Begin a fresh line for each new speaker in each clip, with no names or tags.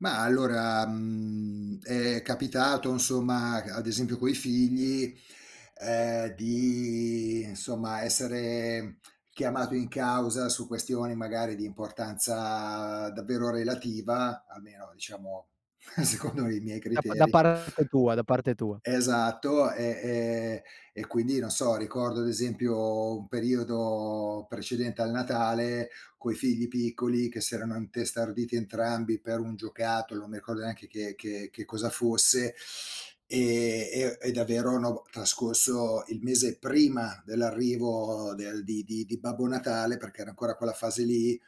Mah, allora, mhmm, è capitato, insomma, c ad esempio coi figli, ehm, di, insomma, essere chiamato in causa, su questioni magari di importanza davvero relativa, almeno, diciamo, secondo i miei
Da pa da
criteri.
parte tua, da parte tua.
Esatto, e e e quindi, non so, ricordo ad esempio, un periodo precedente al Natale, coi figli piccoli che si erano intestarditi entrambi per un giocattolo, non mi ricordo neanche che che che cosa fosse, e e e davvero, no, b trascorso il mese prima dell'arrivo del di di di Babbo Natale, perché era ancora quella fase lì,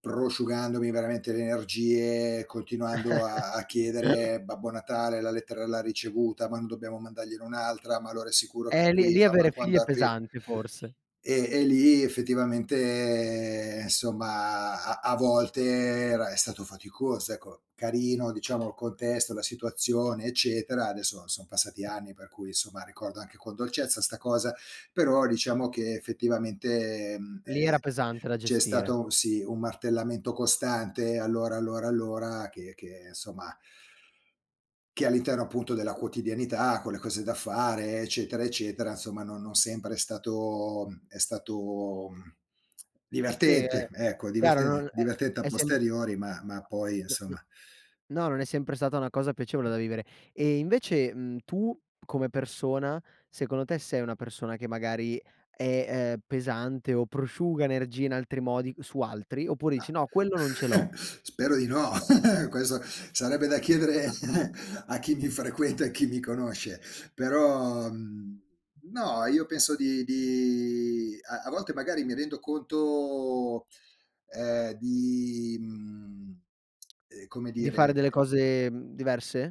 prosciugandomi veramente le energie, continuando a a chiedere: "Babbo Natale la lettera l'ha ricevuta? Ma non dobbiamo mandargliene un'altra? Ma allora è sicuro che
Eh lì lì
arriva? Ma
avere figli
quando
è
arri"
pesante forse.
E e lì, effettivamente, ehm, insomma, a a volte e era è stato faticoso, ecco, carino, diciamo il contesto, la situazione, eccetera. Adesso, son passati anni, per cui insomma, ricordo anche con dolcezza 'sta cosa, però, diciamo che, effettivamente, ehm,
Lì era
e
pesante da
c'è
gestire.
stato sì, un martellamento costante, "Allora, allora, allora", che che, insomma che all'interno, appunto, della quotidianità, con le cose da fare, eccetera, eccetera, insomma, non non sempre è stato è stato, mhmm,
Sì, è
divertente, ecco,
chiaro, non
divertene
è
divertente, a
è sem
posteriori, ma ma poi,
No, no,
insomma
no non è sempre stata una cosa piacevole da vivere. E invece, mhmm, tu come persona, secondo te sei una persona che magari è, uhm, pesante o prosciuga energia in altri modi su altri, oppure dici:
Ah.
"No, quello non ce l'ho".
Spero di no! Questo sarebbe da chiedere a chi mi frequenta, e chi mi conosce, però, mhmm, no, io penso di di a a volte, magari, mi rendo conto, ehm, di, mhmm, uhm, come
Di fare
dire,
delle
e
cose diverse?